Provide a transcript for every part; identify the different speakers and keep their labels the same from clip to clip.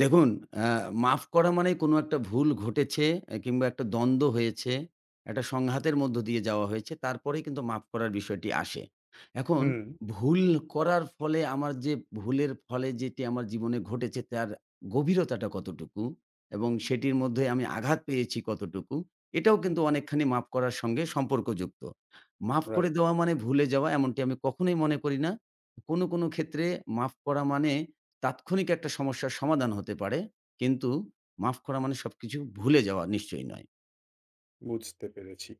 Speaker 1: দেখুন আ মাফ করা মানে কোনো একটা ভুল ঘটেছে আ কিংবা একটা দ্বন্দ্ব হয়েছে, একটা সংঘাতের মধ্য দিয়ে যাওয়া হয়েছে, তারপরেই কিন্তু মাফ করার বিষয়টি আসে। এখন
Speaker 2: হুম।
Speaker 1: ভুল করার ফলে আমার যে ভুলের ফলে যেটি আমার জীবনে ঘটেছে তার গভীরতাটা কতটুকু এবং সেটির মধ্যে আমি আঘাত পেয়েছি কতটুকু, এটাও
Speaker 2: হুম।
Speaker 1: কিন্তু অনেকখানি মাফ করার সঙ্গে সম্পর্কযুক্ত। মাফ করে
Speaker 2: রাইট।
Speaker 1: দেওয়া মানে ভুলে যাওয়া এমনটি আমি কখনোই মনে করি না। কোনো, কোনো ক্ষেত্রে মাফ করা মানে তাৎক্ষণিক একটা সমস্যার সমাধান হতে পারে। কিন্তু মাফ করা মানে সবকিছু ভুলে যাওয়া নিশ্চয়ই নয়।
Speaker 2: বুঝতে পেরেছি।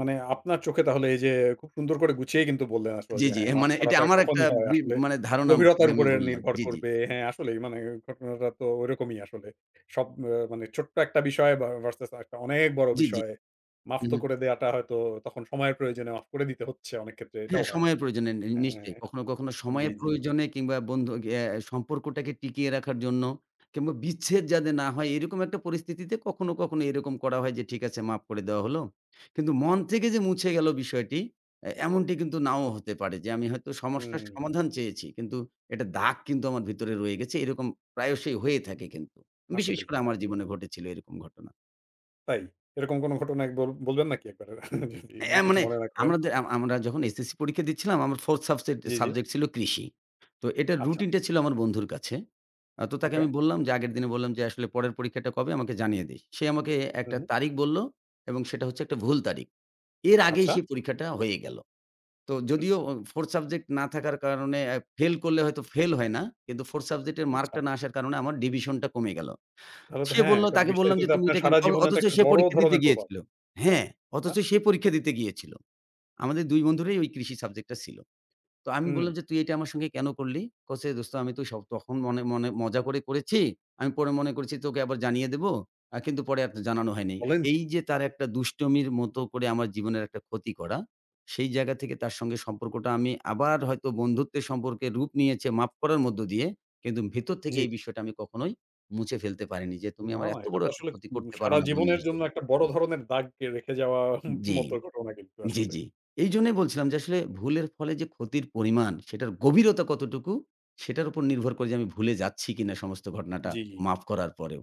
Speaker 2: মানে আপনার চোখে তাহলে এইযে খুব সুন্দর করে গুছিয়ে কিন্তু বললেন আসল
Speaker 1: জ্বি,
Speaker 2: যে
Speaker 1: জ্বি।
Speaker 2: হ্যাঁ
Speaker 1: এর
Speaker 2: মাফ
Speaker 1: মানে এটি
Speaker 2: করাটা
Speaker 1: আমার একটা
Speaker 2: কখনই হয়
Speaker 1: বি
Speaker 2: আসলে
Speaker 1: মানে ধারণা আপনাকে
Speaker 2: গভীরতার
Speaker 1: আমি
Speaker 2: উপরে
Speaker 1: বললাম,
Speaker 2: নির্ভর
Speaker 1: জ্বি, জ্বি।
Speaker 2: করবে। হ্যাঁ, আসলেই মানে ঘটনাটা তো ঐরকমই আসলে। সব আ মানে ছোট্ট একটা বিষয় ভা ভার্সাস একটা অনেক বড়
Speaker 1: জ্বি, জ্বি।
Speaker 2: বিষয়। মাফ
Speaker 1: হু,
Speaker 2: তো
Speaker 1: হু।
Speaker 2: করে দেওয়াটা হয়তো তখন সময়ের প্রয়োজনে মাফ করে দিতে হচ্ছে অনেক ক্ষেত্রে
Speaker 1: হ্যাঁ,
Speaker 2: এটাও হয়।
Speaker 1: সময়ের প্রয়োজনে নে
Speaker 2: আ
Speaker 1: নিশ্চয়ই। কখনো, কখনো
Speaker 2: জি,
Speaker 1: সময়ের
Speaker 2: জি, জি।
Speaker 1: প্রয়োজনে কিংবা বন্ধু এ সম্পর্কটাকে টিকিয়ে রাখার জন্য কিংবা বিচ্ছেদ যাতে না হয় এরকম একটা পরিস্থিতিতে কখনো, কখনো এরকম করা হয় যে ঠিক আছে মাফ করে দেয়া হলো। কিন্তু মন থেকে যে মুছে গেল বিষয়টি এ এমনটি কিন্তু নাও হতে পারে যে আমি হয়তো সমস্যার
Speaker 2: হুম।
Speaker 1: সমাধান চেয়েছি। কিন্তু একটা দাগ কিন্তু আমার ভিতরে রয়ে গেছে। এরকম প্রায়শই হয়ে থাকে কিন্তু। বিশেষ
Speaker 2: আসলেই,
Speaker 1: করে আমার
Speaker 2: আসলেই।
Speaker 1: জীবনে ঘটেছিল এরকম ঘটনা।
Speaker 2: তাই? এরকম কোনো ঘটনা বল বলবেন নাকি একবারে যদি
Speaker 1: এ
Speaker 2: কিছু
Speaker 1: মানে
Speaker 2: মনে না করেন?
Speaker 1: আমরাদে আমরা আমরা যখন SSC পরীক্ষা দিচ্ছিলাম, আমার 4th সাবসেক্ট
Speaker 2: জ্বি, জ্বি।
Speaker 1: সাবজেক্ট ছিল কৃষি। তো এটার
Speaker 2: আচ্ছা।
Speaker 1: রুটিনটা ছিল আমার বন্ধুর কাছে। আ তো তাকে আমি
Speaker 2: ওকে।
Speaker 1: বললাম যে আগের দিনে বললাম যে, "আসলে পরের পরীক্ষাটা কবে আমাকে জানিয়ে দিস।" সে আমাকে
Speaker 2: হু,
Speaker 1: একটা
Speaker 2: হু।
Speaker 1: তারিখ বলল এবং সেটা হচ্ছে একটা ভুল তারিখ। এর আগেই
Speaker 2: আচ্ছা।
Speaker 1: সেই পরীক্ষাটা হয়ে গেল। তো
Speaker 2: হুম।
Speaker 1: যদিও 4th সাবজেক্ট না থাকার কারণে আ ফেইল করলে হয়তো ফেইল হয় না। কিন্তু 4th সাবজেক্টের
Speaker 2: আচ্ছা।
Speaker 1: মার্কটা না আসার কারণে আমার
Speaker 2: হুম।
Speaker 1: ডিভিশন টা কমে গেল।
Speaker 2: তাহলে তো
Speaker 1: সে
Speaker 2: হ্যাঁ
Speaker 1: বলল,
Speaker 2: এটা
Speaker 1: তাকে
Speaker 2: বিষয়টা
Speaker 1: বললাম যে,
Speaker 2: কিন্তু
Speaker 1: "তুমি
Speaker 2: আপনার
Speaker 1: এটা কেনো"
Speaker 2: সারা
Speaker 1: অ
Speaker 2: জীবনে তো
Speaker 1: অথচ
Speaker 2: একটা
Speaker 1: সে
Speaker 2: বড়
Speaker 1: পরীক্ষা দিতে
Speaker 2: ধরনের প্রভাব।
Speaker 1: গিয়েছিল। হ্যাঁ,
Speaker 2: হ্যাঁ।
Speaker 1: অথচ সে পরীক্ষা দিতে গিয়েছিল। আমাদের ২ বন্ধুরই ওই কৃষি সাবজেক্টটা ছিল। তো আমি
Speaker 2: হুম।
Speaker 1: বললাম যে, "তুই এটা আমার সঙ্গে কেনো করলি?" বলেছে, "দোস্ত আমি স তো তখন মনে, মনে মজা করে করেছি। আমি পরে মনে করেছি তোকে আবার জানিয়ে দেব। আ কিন্তু পরে আর জানানো হয় নাই।"
Speaker 2: বলেন কি?
Speaker 1: এইযে তার একটা দুষ্টমির মত করে আমার জীবনের একটা ক্ষতি করা। সেই জায়গা থেকে তার সঙ্গে সম্পর্কটা আমি আবার হয়তো বন্ধুত্বের সম্পর্কে রূপ নিয়েছে মাফ করার মধ্য দিয়ে। কিন্তু ভেতর থেকে
Speaker 2: জ্বী।
Speaker 1: এই বিষয়টা আমি কখনোই মুছে ফেলতে পারিনি যে, তুমি
Speaker 2: না,
Speaker 1: আমার
Speaker 2: না
Speaker 1: এত
Speaker 2: এটা
Speaker 1: বড়
Speaker 2: তো
Speaker 1: একটা
Speaker 2: আসলে
Speaker 1: ক্ষতি
Speaker 2: উ
Speaker 1: করতে পারো
Speaker 2: সারা
Speaker 1: না বন্ধু
Speaker 2: জীবনের জন্য
Speaker 1: হিসেবে।
Speaker 2: একটা বড় ধরনের দাগ কে রেখে যাওয়ার ম
Speaker 1: জ্বী,
Speaker 2: মতো ঘটনা কিন্তু
Speaker 1: জ্বী,
Speaker 2: আসলে।
Speaker 1: জ্বী। এইজন্যই বলছিলাম, যে আসলে ভুলের ফলে যে ক্ষতির পরিমাণ সেটার গভীরতা কতটুকু সেটার উপর নির্ভর করে যে আমি ভুলে যাচ্ছি কিনা সমস্ত ঘটনাটা
Speaker 2: জ্বি, জ্বি।
Speaker 1: মাফ করার পরেও।